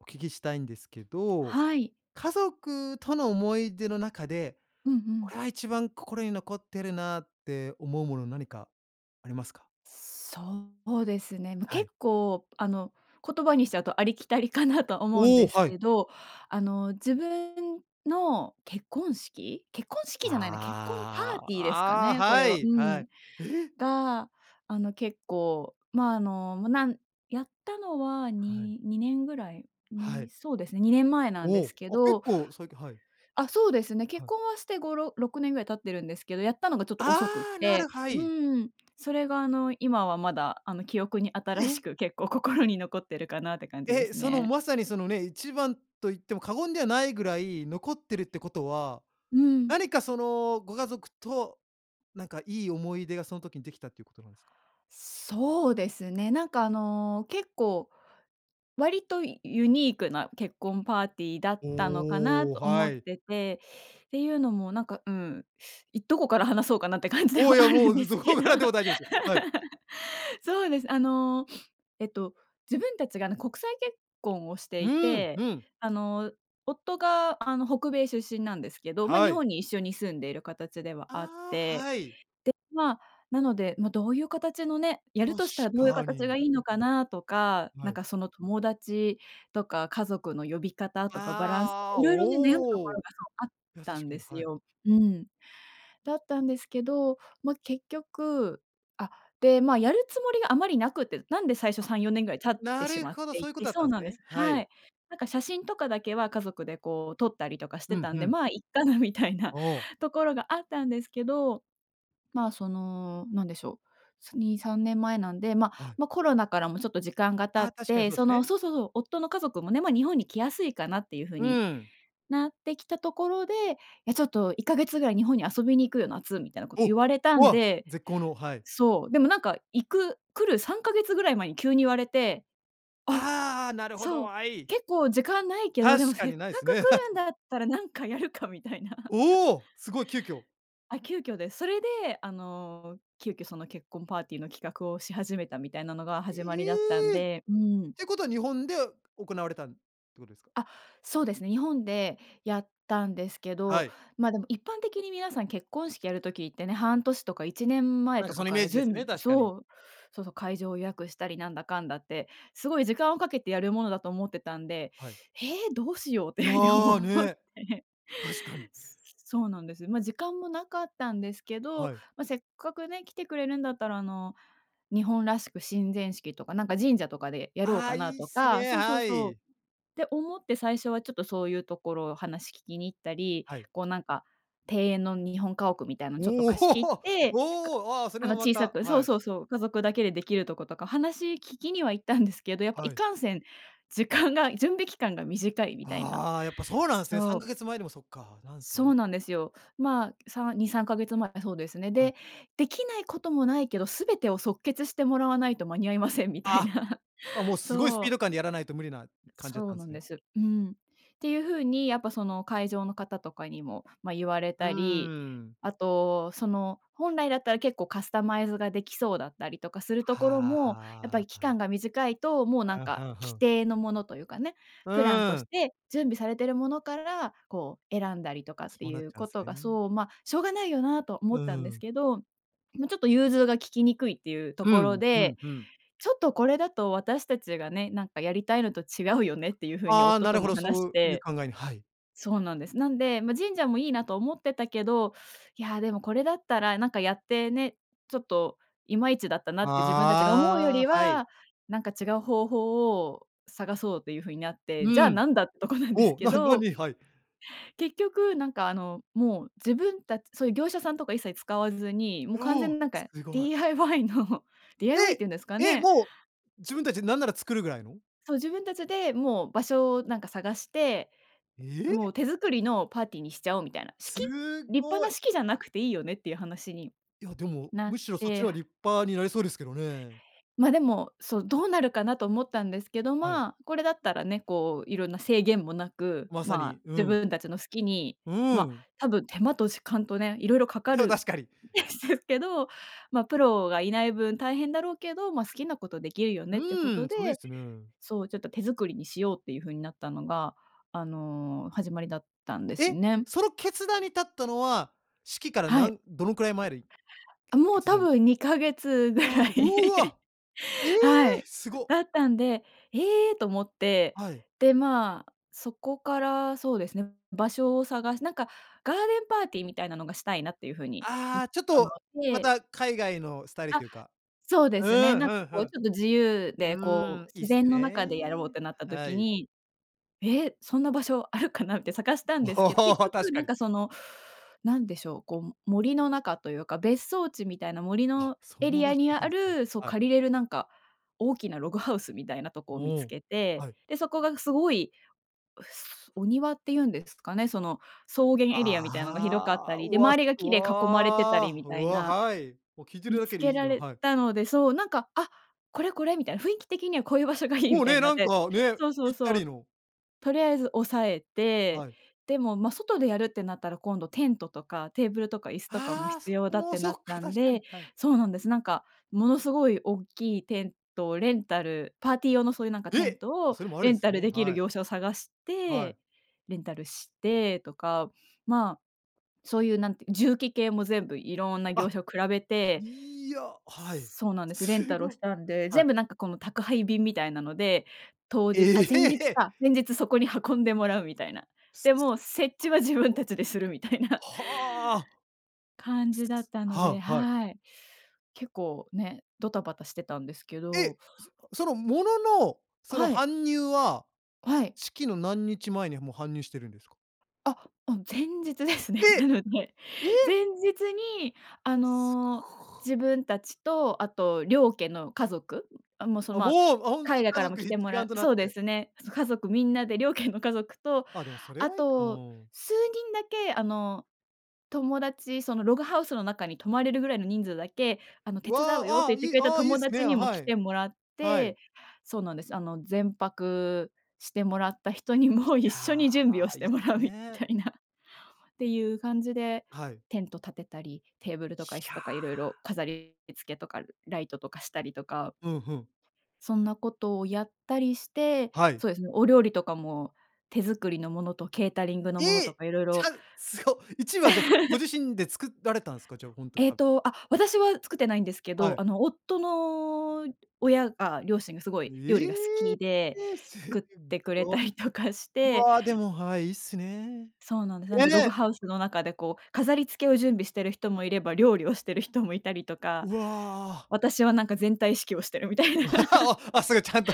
お聞きしたいんですけど、はい。家族との思い出の中で、うんうこん。れは一番心に残ってるなって思うもの、なにかありますか？そうですね。ま、は結い。構あの言葉にしちゃうとありきたりかなと思うんおお、ですはけい。ど、あの自分の結婚式結婚式じゃないな、結婚パーあテあ、ィーですかああ、ね、こはれは。ういーはん。い、ええ！が、あの結構まああの、も、なんやったのははい。に2年ぐらい、はに、い。そうですね、2年前なんでおすお、けあ、結ど、構最近。はい。あ、そうですね。結はい。婚はして、ごろ6年ぐらい経ってるんですけど、やったのがちょっと遅くっああ、なる、て、はうい。ーん。それがあの今はまだあの記憶に新しえ。く、結構心に残ってるかなって感じでえ、すそのね。まさにそのね、一番と言っても過言ではないぐらい残ってるってことは、うん。なにかそのご家族となんかいい思い出がその時にできたっていうことなんですか？そうですね、なんかあの結構、割とユニークな結婚パーティーだったのかなおお、と思はっい。てて、ていうのもなんか、うん、いどこから話そうかなって感じではお、いや、あもるんう、でどすどけこど。からでも 大丈夫ですよ。はい。そうです。あの、えっと、自分たちがあの国際結婚をしてういーん、うて、ん。あの夫があの北米出身なんですけど、ま、は日い。本に一緒に住んでいる形ではあっああ、て、はい。で、まあ、なので、ま、どういう形のね、やる確としたらどういうか形がに。いいのかなとか、なはんい。かその友達とか家族の呼び方とかバランスとか、ああ、いろいろね、悩むとこおろがお。あっや、た確んかでに、すはい。よ。うーん。だったんですけど、ま、結局、あ、で、ま、やるつもりがあまりなくて、なんで最初あ、3、4年ぐらい経ってなしるまっほど、てそいういうこて。とだっそたんうですなんでね。す。ははい。い。なんか写真とかだけは家族でこう撮ったりとかしうてんたんうで、ん。ま、いっかなみたいなおお。ところがあったんですけど、ま、そのなんでしょう、そ2、3年前なんで、ま、はい。ま、コロナからもちょっと時間がああ、経っ確かにて、そうでそすのね。そうそうそう、夫の家族もね、ま、日本に来やすいかなっていうふううに、ん。なってきたところで、「いやちょっと1か月ぐらい日本に遊びに行くよ、夏」みたいなことお、言われたんお、で。絶好の。はい。そう、でもなんか行く来る3か月ぐらい前に急に言われて、あ、ああ、なるほど、そう、はい。結構時間ないけど、確でもかせっにかないすくね。来 るんだったらなんかやるかみたいな。おお、すごい急遽。あ、急遽です。それであの急遽その結婚パーティーの企画をし始めたみたいなのが始まりだったんええ。っで、うーん。てことは日本で行われたんってことですか？あ、そうですね、日本でやったんですけはど、い。ま、でも一般的に皆さん結婚式やる時ってね、半年とか1年前なんとかそかのイかメーら、ジじでゅすね、ん確かに。そう。そうそう、会場を予約したりなんだかんだって、すごい時間をかけてやるものだと思ってたんで、はい。「ええ、どうしよう」っいていうふうに思や、っね。て。確かに。そうなんです。ま、時間もなかったんですけど、はい。ま、せっかくね、来てくれるんだったらあの、日本らしく神前式とかなんか、神社とかでやろうああ、かないいっとすか。ね、そうそうはそう。い。って思って最初はちょっとそういうところを話聞きに行ったり、はい。こうなんか庭園の日本家屋みたいのちょっとお貸し切っお、て、かおお、あ、そあれのもま小さた。く。そはうい。そうそう、家族だけでできるとことか、話聞きには行ったんですけど、やっぱはいい。かんせん時間が、準備期間が短いみたいな。ああ、やっぱそうなんすね、さそんかう。げつまえでもそっか、なんすそうね。なんですよ。まあ、さ2、3か月前。そうですね。はい。で、できないこともないけど、すべてを即決してもらわないと間に合いませんみたいあ。な。あ、もうすごいスそピーう。ド感でやらないと無理な感じだっそたうんなすんでね。す。うん。っていうふうにやっぱその会場の方とかにも、ま、言われうーたり、ん。あとその本来だったら結構カスタマイズができそうだったりとかするところも、やっぱはりあ、期ああ。間が短いと、もうふなんんふかんふ既ん。定のものというかね、うプランとーしん。て準備されているものから、こう選んだりとかってそうなっいうちゃうんこすとが、ね。そう、ま、しょうがないよなと思うったんでーすん。けど、ま、ちょっと融通が利きにくいっていうとうころん、うで、んうん。「ちょっとこれだと私たちがね、なんかやりたいのと違うよね」っていうふうにああ、夫なとるほもど、話そうしいうて、考えに。はい。そうなんです。なんで、ま、神社もいいなと思ってたけど、いやでもこれだったらなんかやってね、ちょっといまいちだったなって自分たちが思うよありあ、はい。は、なんか違う方法を探そうというふうになって、うじゃあん。なんだっとこなんですお、けななど。に。はい。結局なんかあのもう自分たちそういう業者さんとか一切使わずに、もう完全おお、になんすかごい。DIY の DIY っえ、ていうんですかえ、ね。もう自分たちで、なんなら作るぐらいの？そう、自分たちでもう場所をなんか探して、ええ。もう手作りのパーティーにしちゃおうみたいな。式、す立派ごない。式じゃなくていいよねっていう話にいやでも、なっむしろそっちて。の方が立派になりそうですけどね。ま、でも、そう、どうなるかなと思ったんですけど、はい。まあ、これだったらね、こういろんな制限もなく、まさまあ、に、う自ん。分たちの好きに、うま、ん。多分手間と時間とね、いろいろかかそうる確かに。んですけど、ま、プロがいない分大変だろうけど、ま、好きなことできるようねってこーとん、それいいで、すね。そう、ちょっと手作りにしようっていうふうになったのが、あの始まりだったんですえ、ね。その決断に至ったのは、式からはない。んどのくらい前るい、あけもう決多断。分2か月ぐああ、らい。うわ、ええ、はい。すご。だったんで、ええと思って、はい。で、まあ、そこからそうですね、場所を探して、なんかガーデンパーティーみたいなのがしたいなっていうふうに、ん、ああ、ちょっ思っとまて。た海外のスタイルあ、というか。そうでうすね。ーなんかん、ふこうんちょっと自由ふでこん。うーん、う、いいっ自す然のね。中でやろうってなったは時い。に、ええ、そんな場所あるかなって探したんおですけど、結お、確局かなんに。かそのなんでしょう、こう森の中というか、別荘地みたいな森あ、のそエんなリ場ア所にああるんですね。る、そうはい。借りれるなんか、大きなログハウスみたいなとこを見おつお。けて、はい。で、そこがすごい、うすお庭っていうんですかね、その草原エリアみたいのが広かったああ、り、うで、わ、周すりがう木で囲まれてたりわ、みうたいわ、な、はい。もう聞いてる見だつけでけいいらのれはい。たので。そう、なんか、あ、これこれみたいな、雰囲気的にはこういう場所がいいもみうたいね、にななっんて。かね、そうそぴうったそりう。の。とりあえず押さえて、はい。でも、ま、外でやるってなったら今度テントとかテーブルとか椅子とかもああ、必そ要こだっもてそなっったか、ん確かに、ではい。そうなんです。なんかものすごい大きいテントレンタル、パーティー用のそういうなんかテンえ、トをそれもあレるんンすタルね。できるはい。業者を探しはて、い。レンタルしてとか、まあ、そういうなんて、重機系も全部いろんな業あ。者を比べて。いや、はい。そうなんです。レすンタルをしご。たんで、はい。全部なんかこの宅配便みたいなので、当え日あ、前日え！か、前日そこに運んでもらうみたいな。すでも設ご、置は自分たちでするみたいな。はあ。感じだったのはで。あ、はい。はい。結構ね、ドタバタしてたんですけど。え、そのものの、そのはい。搬入ははい。式の何日前にもう搬入してるんですか？あ、うん、前日ですね。なで、のでえ？前日にあすの、ご。自分たちと、あと、両家の家族も、そのあ、ま、もう、ほん海と外か家らも族来て一も丸らとなっそうでてすね、家族みんなで、両家の家族と、あ、でもそれあはいいうと、ん。数人だけ、あの、友達、そのログハウスの中に泊まれるぐらいの人数だけ、あの、手わ伝うよっあ、てあ言あ。ってくい、れたあ、いい友す達ね。にもは来い。てもらっはい。てそうなんです。あの、前泊してもらった人にいも一や、緒に準備をしいていもすらうみね。たいなっていう感じで、はい。テント立てたり、テーブルとか椅い子やとかいあ。ろいろ飾り付けとかライトとかしたりとかふんふん。そんなことをやったりして、はい。そうですね、お料理とかも手作りのものとケータリングのものえとえ！か色ち々ゃんすご。一部はじゃご 自身で作られたんですか、じゃあ本当にえっ と、あ、私は作ってないんですけはど、い。あの、夫の親が両親がすごい料え理が好きで、え！全作っ部、てくぐれたわ。りとかして。わあ、でも、はい、いいっすね。そうなんです。なんで、ログね！ハウスの中でこう、飾り付けを準備している人もいれば、料理をしてる人もいたりとか。うわあ。私はなんか全体指揮をしてみたいな。すごい、ちゃんと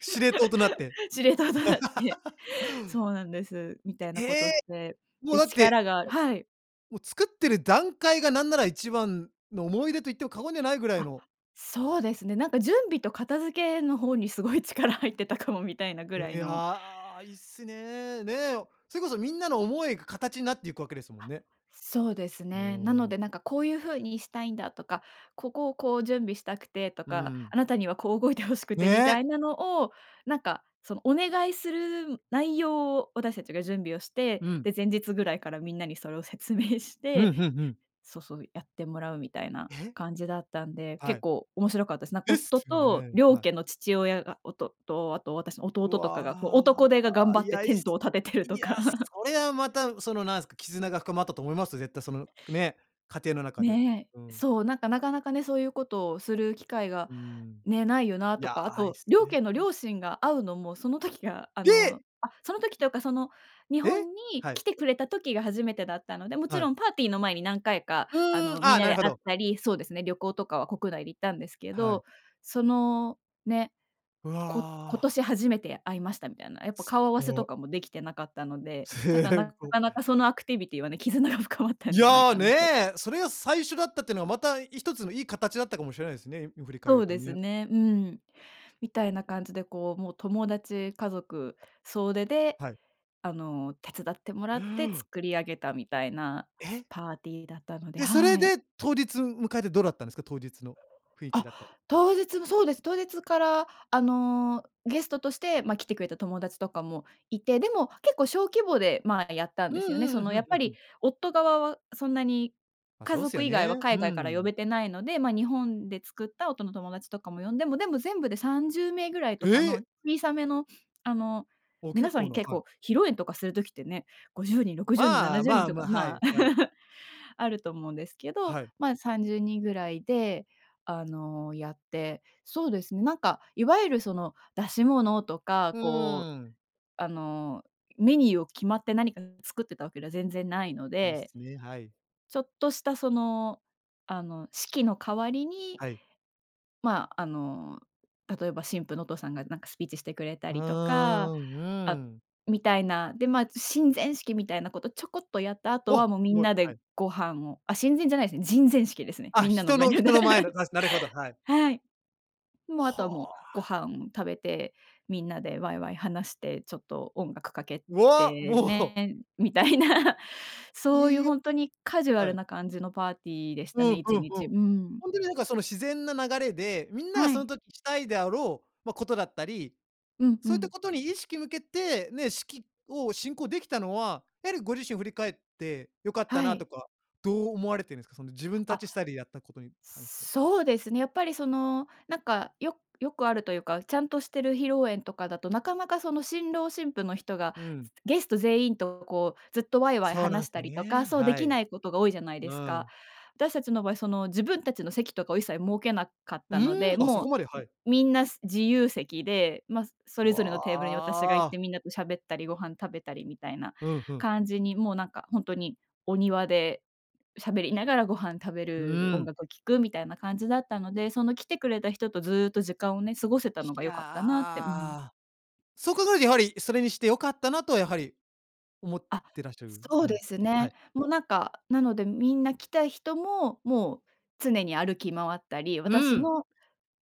司令塔となって。司令塔となって、そうなんです。みたえ、いなことへをしえ！て、もうで、だってはい。力がはい。もう作ってる段階が何なら一番の思い出と言っても過言ではないぐらいあ、のそうですね、なんか準備と片付けの方にすごい力入ってたかもみたいなぐふ、らいいのや。いいっすね。ね、それこそみんなの思いが形になっていくわけですもんね。そうですね。なものう。で、なんかこういうふうにしたいんだとか、ここをこう準備したくてとうか、ん。あなたにはこう動いて欲しくてみたね！いなのを、なんか、そのお願いする内容を私たちが準備をして、うん。で、前日ぐらいからみんなにそれを説明しうてん、ふんふん。そうそう、やってもらうみたいなえ？感じだったんで、は結い。構面白かったです。なん、です夫よとね、両はい。家の父親がおとと、あ、あと私の弟とかが、こうわ男手が頑あ。張いってや。テいっントす、を立ててるいとや、か。それはまたそのなんすか、絆が深まったと思いますよ。絶対そのね、家庭の中で。ね。うん。そう、なんか、なかなかね、そういうことをする機会がうーん。ね、ないよないとや、か、あいいと、す両ね家のえ。両親が会うのもその時が、あの、え！あ、その時というかその日え？本には来い。てくれた時が初めてだったので、もちはい。ろんパーティーの前に何回か、うあーの、ん。あみんあ、ななでるほ会っど。たり、そうですね、旅行とかは国内で行ったんですけはい。ど、そのね、わこ今あ。年初めて会いましたみたいな、やっぱすっ顔合わせとご。かもできてなかったので、だからすっなご。かなかそのアクティビティはね、絆が深まったんいじゃないや、かなと。ね、それが最初だったっていうのがまた一つのいい形だったかもしれないですね、今振り返るそるうとですね。ね。うん。みたいな感じでこう、もう、友達家族総出で、はい。あの、手伝ってもらって作り上げたみたいなえ？パーティーだったのでえっ、そはれい。で当日迎えてどうだったんですか？当日の雰囲気あ、だったり。当日も、そうです、当日から、あの、ゲストとして、ま、来てくれた友達とかもいて、でも結構小規模で、まあ、やったんうんですよね。うそん。のふやんっふぱんふりん。夫側はそんなにま、家そうすよ族以外はね。海う外から呼ん。べてないので、ま、日本で作った夫の友達とかも呼んでもでも全部で30名ぐらいとえかのえ！小さめの、あのあ、皆結さ構んな。結はい。構、披露宴とかする時ってね、50人、60人、なあなあ、じゅうにまんあ、とかま、はまあい。はい。あると思うんですけど、はい。ま30人ぐらいで、あの、やって、そうですね、なんかいわゆるその、出し物とか、うこーう、ん。あの、メニューを決まって何か作ってたわけでは全然ないのいいですね、はい。ちょっとしたその、あの、式の代わりにはい。まああの、例えば新婦のお父さんがなんかスピーチしてくれたおりとか、お、うーあん。みたいな、で、まあ、神前式みたいなことちょこっとやった後わ、は、もうみすんごい。なはでい。ご飯をあ、神前じゃないですね、人前式ですね。あ、みんなの人前ので。人の前の、なしなるほど、はい。はい。もうあとははもう、あ。ご飯食べて、みんなでワイワイ話して、ちょっと音楽かけうわ！てもう。ね、みたいな。そういいいうや。本当にカジュアはルい。な感じのパーティーでしうたんねいうんちうん。にち。うん。本当になんかその自然な流れで、みんながはそのい。時したいであろう、ま、ことだったり、うんうそういったん。ことに意識向けて、ね、式を進行できたのは、やはりご自身振り返って良かったはない。とか、どう思われてるんですか？その自分たあ、ちスタイルでやったことに関して。そうですね、やっぱりそのなんか、よよくあるというか、ちゃんとしてる披露宴とかだと、なかなかその新郎新婦の人がうん。ゲスト全員とこうずっとわいわいそうな話んしすたよりとか、ね、そうではきい。ないことが多いじゃないでうすか。ん。私たちの場合、その、自分たちの席とかを一切設けなかっうたのーで、ん、あ、そこもまでう、はん、い。みんな自由席で、ま、それぞれのわテーブルに私が行ってあ。みんなと喋ったりご飯食べたりみたいなふんふん。感じに、もう、なんか、本当にお庭でしゃべりながらご飯食べうる、ー音ん。楽を聴くみたいな感じだったので、その来てくれた人とずっと時間をね、過ごせたのいが良やかったなってうん。あ、そう考えるとやはり、それにして良かったなとは、やはり、思っあ、てらっしゃるそう感じでですすか？はね。い。もうなんか、なので、みんな来た人も、もう常に歩き回ったり、う私ん。の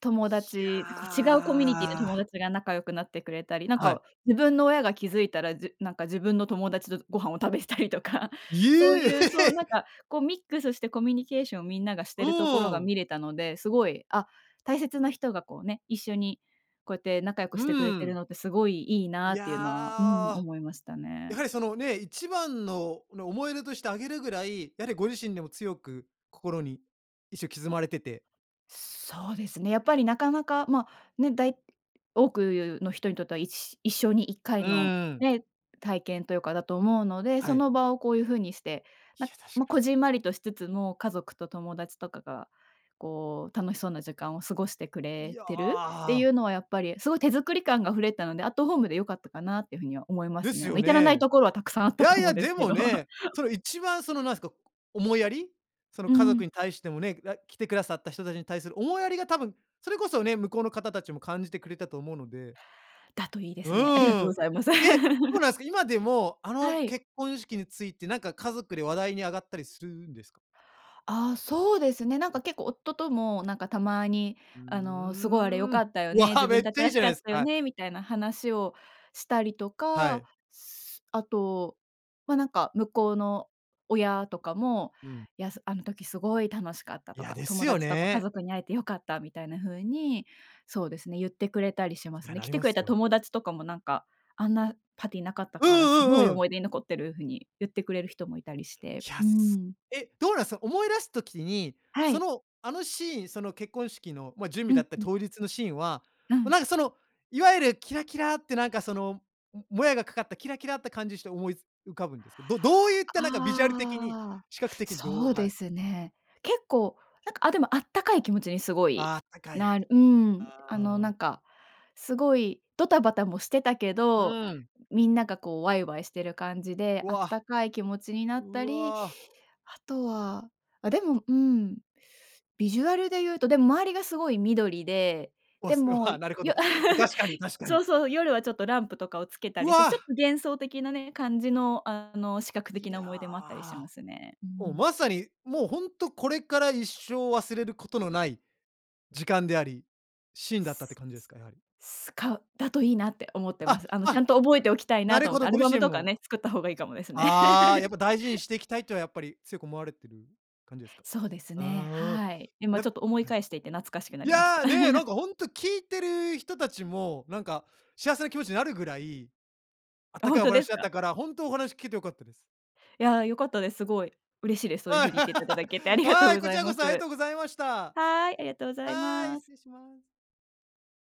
友ひや達、こう違うコミュニティの友あ。達が仲良くなってくれたり、なんはい。か自分の親が気づいたら、じなんか自分の友達とご飯を食べてたりとか、いそうえ！いう、そう、なんか こうミックスしてコミュニケーションをみんながしうてるところーがん。見れたので、すごい、あ、大切な人がこうね、一緒にこうやって仲良くうしてくれーてるん。のって、すごいいいいなっていうのは、うん、や。思いましたやはね。りそのね、一番の思い出としてあげるぐらい、やはりご自身でも強く心にいっしょ刻まれててそうですね、やっぱりなかなか、ま、ね、だい多くの人にとっては一生に1回うのーん。ね、体験というかだと思うので、はそい。の場をこういう風にして、いや、確まかこに。じんまりとしつつも家族と友達とかがこう楽しそうな時間を過ごしてくいれてるっていや。うのはやっぱりすごい手作り感があふれたので、アットホームで良かったかなっていうふうには思いまですね。すあのよ至らないね。ところはたくさんあっいたとやい思うやんですでけもど。ね、その一番そのなんすか、こ、思いやり、そのう家ん。族に対してもね、らい来てくださった人たちに対する思いやりが多分それこそね、向こうの方たちも感じてくれたと思うのでだといいでうすね。ありがとうーごん。ざいます。え、そう なんすか。今でもあのはい。結婚式についてなんか家族で話題に上がったりするんですか？ああそうですね。なんはかい。結構夫ともなんかたまにうあのすごいあれ良ーかん。ったよわね、自あ、め分ったちちゃいらいしじゃかなっいすたか、よはい。ねみたいな話をしたりとはか、い。あと、まなんか向こうの親とかも、うん。やすあの時すごい楽しかったいとや、か、です友よ達とか家ね。族に会えて良かったみたいなふうに、そうですね、ゆってくれたりしまいすや、ね。な来りてまくれすたよ。友達とかもなんか、あんなパーティーなかったうんからすうごいんうん。思い出に残ってるふうに言ってくれる人もいたりしていや、うーそ、ん。え、どうなんすか？思い出す時に、はそい。の、あのシーン、その結婚式のま準備うだっんたうん。当日のシーンは、はもうい。なんかそのいわゆるキラキラってなんかそのもやがかかったキラキラって感じして思い浮かぶんですけど、どどういったなんかビジュアル的に、ああ視覚的にどそううはでい。すね。結構なんか、あでもあったかい気持ちにすごい、ああ、あったかい。なうん、あのあなあ。んかすごいドタバタもしてたけど、うん。みんながこうわいわいしてる感じで、うあっわ。たかい気持ちになっうたり、わ。あとは、あでもうん。ビジュアルでいうと、でも周りがすごい緑で、わ、ですごい。もああよなるほど。確かに確 かそうに。そう、夜はちょっとランプとかをつけたうりして、ちょっわ。と幻想的なね、感じのあの視覚い的な思や、い出もあったりしますね、うーもうん。まさにもうほんとこれから一生忘れることのない時間であり、シーンだったって感じですか、やはり？かだといいなって思ってまあ、す。あのちゃんあ。と覚えておきたいななると思ほって、どアごルバ自ム身とかも。ね、作った方がいいかもですね。ああ、やっ ぱ大事にしていきたいというはやっぱり、強く思われている感じですか？そうですね、ああ。はい。今やちっょっと思いぱはい。返していて懐かしくないりました。や、ね、な んかほんと聞いてる人たちも、なんか幸せな気持ちになるぐらい、あっあ、たほかんいおとです話あっか？たから、ほんとお話聞けて良かったです。いや、良かったです。すごい、嬉しいです。そういうふうはい。に言っていただけてあ りがとうはごい、こざちいらまこす。そありがとうございました。はい、ありがとうございはい、ます。失礼します。